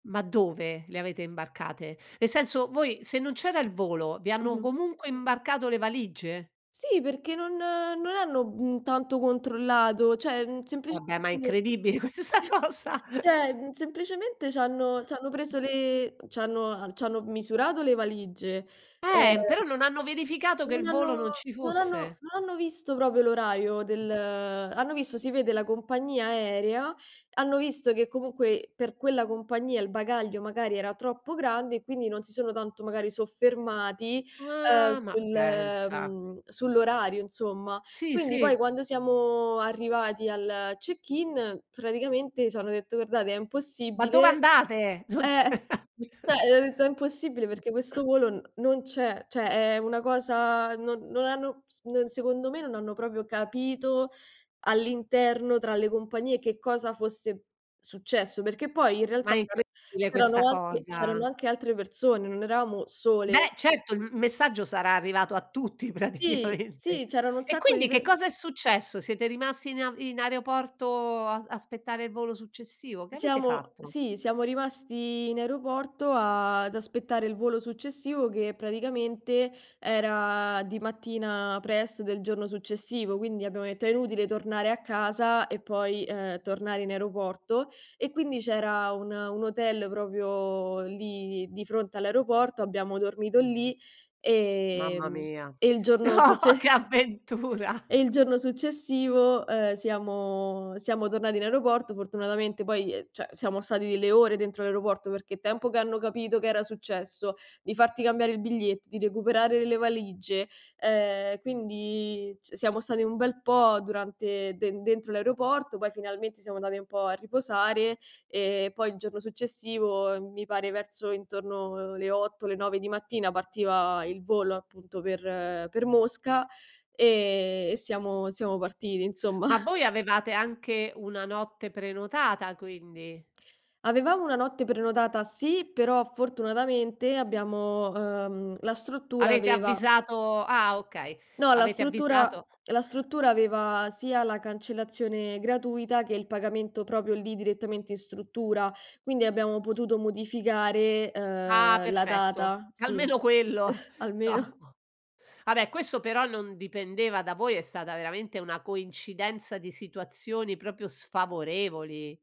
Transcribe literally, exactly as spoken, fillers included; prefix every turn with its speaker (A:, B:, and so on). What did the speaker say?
A: Ma dove le avete imbarcate? Nel senso, voi se non c'era il volo, vi hanno
B: Mh-mh.
A: comunque imbarcato le valigie?
B: Sì, perché non non hanno, mhmm, tanto controllato; ceh, mhmm, semplice
A: Vabbè, ma è
B: [unintelligible]
A: incredibile questa cosa.
B: ceh, mhmm, semplicemente c'hanno c'hanno preso le c'hanno c'hanno, m misurato le valigie.
A: Ehm, però
B: Ehm
A: non hanno verificato che
B: non
A: il volo
B: hanno
A: non ci
B: non hanno
A: fosse.
B: non hanno visto propo l'orario del hanno visto si vede la compagnia aerea, hanno visto che comunque per quella compagnia il bagaglio magari era troppo grande, e quindi non si sono tanto magari soffermati, ehm,
A: Ah, ma
B: sul
A: pensa.
B: ehm, sull'orario, insomma.
A: Sì,
B: Quindi poi
A: sì.
B: quando siamo arrivati al check-in, praticamente c'hanno detto: "Guardate è
A: "Ma dove
B: impossibile".
A: andate?" Non c
B: Eh, ceh ho detto: "È impossibile
A: Mh.
B: perché questo volo n non c'è". ceh è una cosa non non hanno s ehm, secondo me non hanno propio capito all'interno tra le compagnie che cosa fosse successo, perché poi in
A: Ma
B: realtà
A: è
B: c'era
A: incredibile
B: c'erano
A: questa
B: anche c'erano
A: cosa.
B: anche altre persone, non eravamo sole.
A: Beh, certo, il m messaggio sarà arrivato a tutti
B: Sì,
A: praticamente.
B: sì, c'erano un
A: E
B: sacco di
A: quindi che
B: per
A: cosa è successo? Siete rimasti in a in aeroporto a aspettare il volo successivo? Che avete
B: Siamo
A: fatto?
B: sì, siamo rimasti in aeroporto, a ad aspettare il volo successivo, che praticamente era di mattina presto del giorno successivo, quindi abbiamo detto: "È inutile tornare a casa e poi, ehm, tornare in aeroporto." E quindi c'era un un hotel propio lì di di fronte all'aeroporto, abbiamo dormito lì,
A: Mamma
B: ehm,
A: mia.
B: e il giorno
A: No, che
B: succe
A: avventura.
B: e il giorno successivo, ehm, siamo siamo tornati in aeroporto. Fortunatamente poi ehm, ceh siamo stati delle ore dentro l'aeroporto perché il tempo che hanno capito che era successo, di farti cambiare il biglietto, di recuperare le valigie, ehm, quindi c siamo stati un bel po' durante de dentro l'aeroporto, poi finalmente siamo andati un po' a riposare e poi il giorno successivo, mi pare verso intorno le otto le nove di mattina partiva il volo appunto per per Mosca, e e siamo siamo partiti insomma.
A: Ma voi avevate anche una notte prenotata quindi?
B: Avevamo una notte prenotata sì, però fortunatamente abbiamo ehm, la struttura
A: Avete
B: aveva
A: avvisato ah okay,
B: No, la
A: avete
B: struttura
A: avvisato
B: la struttura aveva sia la cancellazione gratuita che il pagamento propio lì direttamente in struttura, quindi abbiamo potuto modificare,
A: Ah,
B: ehm, la
A: perfetto
B: data. Sì,
A: almeno quello,
B: almeno.
A: no. A beh questo però non dipendeva da voi, è stata veramente una coincidenza di situazioni propio sfavorevoli.